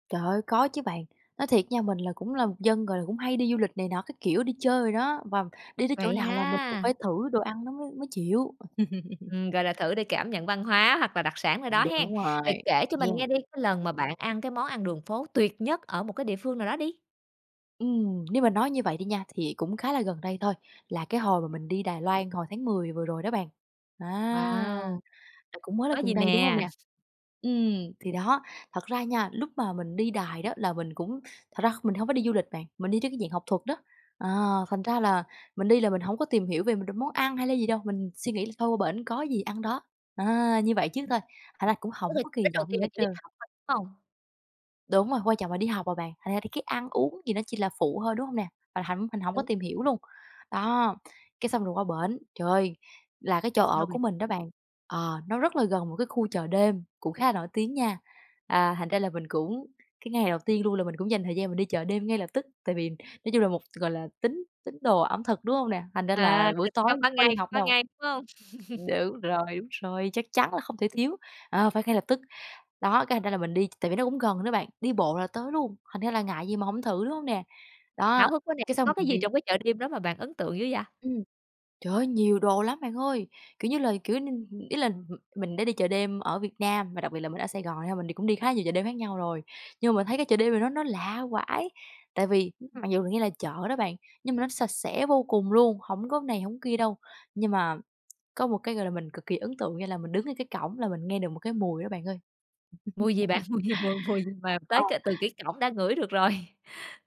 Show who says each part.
Speaker 1: Trời ơi, có chứ bạn. Nói thiệt nha mình là cũng là một dân, gọi là, cũng hay đi du lịch này nọ, các kiểu, đi chơi đồ đó, và đi tới chỗ
Speaker 2: Vậy
Speaker 1: nào là mình cũng
Speaker 2: ha!
Speaker 1: phải thử đồ ăn nó mới mới chịu.
Speaker 2: Ừm, gọi là, thử để cảm nhận văn hóa hoặc là đặc sản ở
Speaker 1: Ừm,
Speaker 2: đó hen?
Speaker 1: đúng rồi,
Speaker 2: Vậy kể cho mình nghe
Speaker 1: yeah.
Speaker 2: đi, cái lần mà bạn ăn cái món ăn đường phố tuyệt nhất ở một cái địa phương nào đó đi.
Speaker 1: Ừm, nếu mà nói như vậy đi nha, thì cũng khá là gần đây thôi, là cái hồi mà mình đi Đài Loan, hồi tháng 10 vừa rồi đó bạn, à,
Speaker 2: Wow!
Speaker 1: à, cũng mới là
Speaker 2: Có
Speaker 1: gần
Speaker 2: gì
Speaker 1: đây, đúng hông
Speaker 2: nè?
Speaker 1: nè? Ừm, thì đó, thật ra nha, lúc mà mình đi Đài đó là mình cũng thật ra kh mình hông có đi du lịch bạn, mình đi trên cái dạng học thuật đó. À, thành ra là mình đi là mình hổng có tìm hiểu về m đ món ăn hay là gì đâu, mình suy nghĩ là thôi qua bển có gì ăn đó. À, như vậy trước
Speaker 2: Ừm.
Speaker 1: thôi, thành ra cũng
Speaker 2: Tức
Speaker 1: hổng
Speaker 2: là
Speaker 1: có kỳ
Speaker 2: đích đầu
Speaker 1: vọng gì
Speaker 2: tiên
Speaker 1: hết
Speaker 2: là chỉ đi
Speaker 1: trơn.
Speaker 2: học thôi, đúng hông?
Speaker 1: Đúng rồi, quan trọng là đi học mà bạn, thành ra thì cái ăn uống thì nó chỉ là phụ thôi, đúng hông nè? Mà thậm mình hổng có
Speaker 2: Đúng.
Speaker 1: tìm hiểu luôn. Đó, cái xong rồi qua bển, trời ơi, là cái chỗ ở
Speaker 2: Sao
Speaker 1: của
Speaker 2: bạn?
Speaker 1: mình đó bạn, ờ, nó rất là gần một cái khu chợ đêm, cũng khá là nổi tiếng nha. À, thành ra là mình cũng cái ngày đầu tiên luôn là mình cũng dành thời gian mình đi chợ đêm ngay lập tức, tại vì nói chung là một, gọi là, tín tín đồ ẩm thực, đúng hông nè? Thành ra là
Speaker 2: À,
Speaker 1: buổi
Speaker 2: ừ,
Speaker 1: tối
Speaker 2: cấm ban
Speaker 1: có đi
Speaker 2: ngày
Speaker 1: học
Speaker 2: ban
Speaker 1: đâu.
Speaker 2: ngày, đúng hông?
Speaker 1: Đúng rồi, đúng rồi, chắc chắn là không thể thiếu, ờ, phải ngay lập tức. Đó, cái thành ra là mình đi tại vì nó cũng gần nữa bạn, đi bộ là tới luôn, thành ra là ngại gì mà hổng thử, đúng hông nè?
Speaker 2: Hảo
Speaker 1: Đó,
Speaker 2: hức quá nè,
Speaker 1: cái xong
Speaker 2: có cái
Speaker 1: mình
Speaker 2: gì
Speaker 1: đi.
Speaker 2: trong cái chợ đêm đó mà bạn ấn tượng dữ vậy?
Speaker 1: Ừm. Trời ơi, nhiều đồ lắm bạn ơi, kiểu như là, kiểu như, ừm, ý là m mình đã đi chợ đêm ở Việt Nam và đặc biệt là mình ở Sài Gòn nha, mình đi cũng đi khá nhiều chợ đêm khác nhau rồi, nhưng mà mình thấy cái chợ đêm này nó nó lạ vãi. Tại vì
Speaker 2: Ừm.
Speaker 1: mặc dù nghe là chợ đó bạn, nhưng mà nó sạch sẽ vô cùng luôn, hổng có này, hổng kia đâu, nhưng mà có một cái, gọi là, mình cực kỳ ấn tượng nghĩa là mình đứng ngay cái cổng là mình nghe được một cái mùi đó bạn ơi.
Speaker 2: Mùi gì bạn? Mùi gì? Mùi mùi gì mà
Speaker 1: Ờ,
Speaker 2: tới
Speaker 1: ờ.
Speaker 2: cả từ cái cổng đã ngửi được rồi?